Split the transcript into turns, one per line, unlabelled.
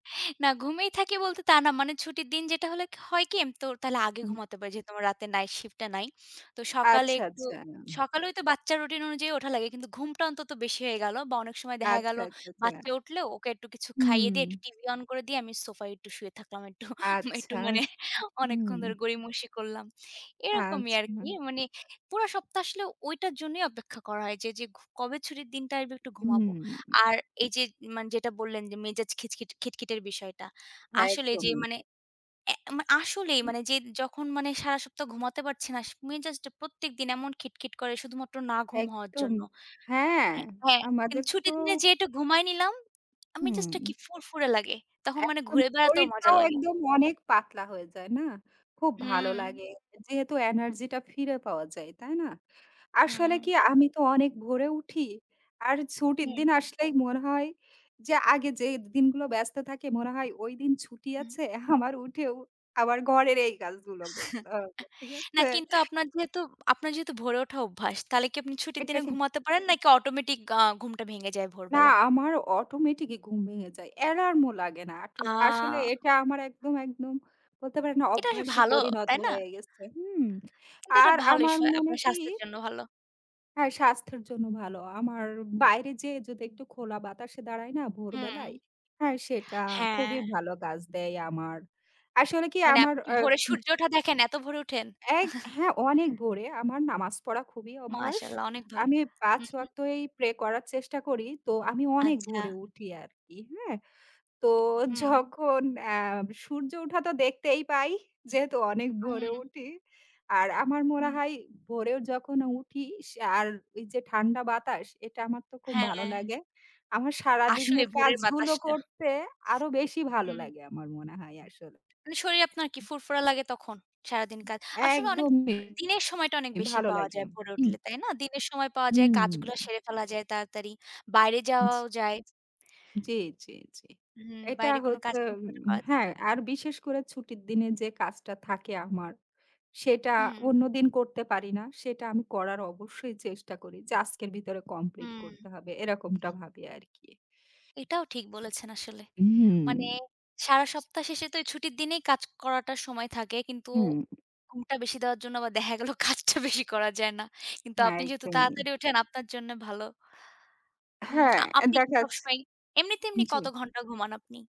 না, ঘুমিয়েই থাকি বলতে তা না। মানে ছুটির দিন যেটা হলে ক হয় কি? আমি তো তাহলে আগে
হুম।
ঘুমাতে পারি। যেহেতু আমার রাতে Night shift টা নাই, তো সকালে
আচ্ছা,
একটু
আচ্ছা।
সকালে ওই তো বাচ্চার Routine অনুযায়ী ওঠা লাগে। কিন্তু ঘুমটা অন্তত বেশি হয়ে গেল। বা অনেক সময় দেখা গেল,
আচ্ছা, আচ্ছা,
বাচ্চা
আচ্ছা।
উঠলেও ওকে একটু কিছু খাইয়ে
হুম।
দিয়ে একটু TV on করে দিয়ে আমি সোফায় একটু শুয়ে থাকলাম। একটু, একটু
আচ্ছা।
মানে
উ
অনেকক্ষণ
হুম।
ধরে গড়িমসি করলাম, এরকমই আর কি।
আচ্ছা।
মানে পুরা সপ্তাহ আসলে ওইটার জন্যই অপেক্ষা করা হয় যে, যে ঘ কবে ছুটির দিনটা আসবে একটু ঘুমাবো।
হুম।
আর এই যে মানে যেটা বললেন যে মেজাজ খিচখিচ খিটখিটের বিষয়টা। আসলে এই যে
একদমই।
মানে অ্যা আসলেই
উম
মানে যে যখন মানে সারা সপ্তাহ ঘুমাতে পারছি না, স মেজাজটা প্রত্যেকদিন এমন খিটখিট করে শুধুমাত্র না ঘুম হওয়ার
একদম।
জন্য
হ্যাঁ।
হ্যাঁ, হ্যাঁ, কিন্তু
আমাদের তো
ছুটির দিনে যেই একটু ঘুমায়ে নিলাম, আ মেজাজটা
হুম।
কি ফুরফুরে লাগে। তখন মানে
একদম
ঘুরে বেড়াতেও মজা
শরীরটাও
লাগে।
একদম অনেক পাতলা হয়ে যায়, না? খুব ভালো
হুম।
লাগে। যেহেতু Energy টা ফিরে পাওয়া যায়, তাই না? আসলে
হুম।
কি? আমি তো অনেক ভোরে উঠি। আর ছুটির
হুম।
দিন আসলেই মনে হয়। যে আগে যেই দিনগুলো ব্যস্ত থাকি, মনে হয় ওই দিন ছুটি
হুম।
আছে। আমার উঠেও আবার ঘরের এই কাজগুলো করতে হবে। ঠিক
না
আছে?
কিন্তু আপনার যেহেতু আপনার যেহেতু ভোরে ওঠা অভ্যাস তাহলে কি আপনি ছুটির
এটা
দিনে
কিন
ঘুমাতে পারেন নাকি Automatic আ ঘুমটা ভেঙে যায়
না,
ভোরবেলা?
আমার Automatic ই ঘুম ভেঙে যায়। অ্যালার্ম ও লাগে না। আটো আসলে
আ
এটা আমার একদম, একদম বলতে পারেন আ
এটা বেশ
অভ্যাসে
ভালো,
পরিণত
তাই না?
হয়ে গেছে, হুম?
কিন্তু এটা
আর
ভালোই
আমার
সা
মনে
আপনার
কি
স্বাস্থ্যের জন্য ভালো।
হ্যাঁ, স্বাস্থ্যের জন্য ভালো। আমার বাইরে যেয়ে যদি একটু খোলা বাতাসে দাঁড়াই না
হুম।
ভোরবেলায়? হ্যাঁ, সেটা
হ্যাঁ।
খুবই ভালো কাজ দেয় আমার। আসলে কি
মানে
আমার,
আপনি কি
অ্যা
ভোরে
হু।
সূর্য ওঠা দেখেন? এত ভোরে উঠেন?
এক হ্যাঁ, অনেক ভোরে আমার নামাজ পড়া খুবই অভ্যাস।
মাশাআল্লাহ, অনেক ভালো।
আমি ৫
হুম, হুম।
ওয়াক্তই Pray করার চেষ্টা করি। তো আমি অনেক
আচ্ছা।
ভোরে উঠি আর কি, হ্যাঁ? তো
হুম।
যখন অ্যা সূর্য ওঠা তো দেখতেই পাই। যেহেতু অনেক ভোরে
হুম।
উঠি। আর আমার মনে
হু।
হয় ভোরে যখন উঠি, সে আর ওই যে ঠান্ডা বাতাস, এটা আমার তো খুব ভালো
হ্যাঁ।
লাগে। আমার
আসলে
সারাদিনের
ভোরের
কাজগুলো
বাতাসটা।
করতে আরও বেশি ভালো
হুম।
লাগে আমার মনে হয় আসলে।
মানে শরীর আপনার কি ফুরফুরা লাগে তখন? সারাদিন কাজ আসলে অনেক
একদমই।
দিনের সময়টা অনেক বেশি
ভালো
পাওয়া
লাগে।
যায় ভোরে
হুম।
উঠলে, তাই না? দিনের সময় পাওয়া যায়,
হুম।
কাজগুলো সেরে ফেলা যায় তাড়াতাড়ি। বাইরে
উঝ
যাওয়াও যায়।
জি, জি, জি।
হুম,
এটা
বাইরে কোনো কাজ
হচ্ছে
থাকলে ওটা
উম
করা যা
হ্যাঁ, আর বিশেষ করে ছুটির দিনে যে কাজটা থাকে আমার, সেটা
হুম।
অন্যদিন করতে পারি না। সেটা আমি করার অবশ্যই চেষ্টা করি। যে আজকের ভিতরে Complete করতে
হুম।
হবে, এরকমটা ভাবি আর কি।
এটাও ঠিক বলেছেন আসলে। মানে,
উম
সারা সপ্তাহ শেষে তো এই ছুটির দিনেই কাজ করাটার সময় থাকে। কিন্তু
হুম।
ঘুমটা বেশি দেওয়ার জন্য বা দেখা গেল কাজটা বেশি করা যায় না। কিন্তু
হ্যাঁ,
আপনি যেহেতু
একদমই।
তাড়াতাড়ি উঠেন, আপনার জন্যে ভালো। উম
হ্যাঁ,
আ
এ
আপনি কি
দেখাছ
সবসময় এমনিতে এমনি
জি।
কত ঘণ্টা ঘুমান আপনি?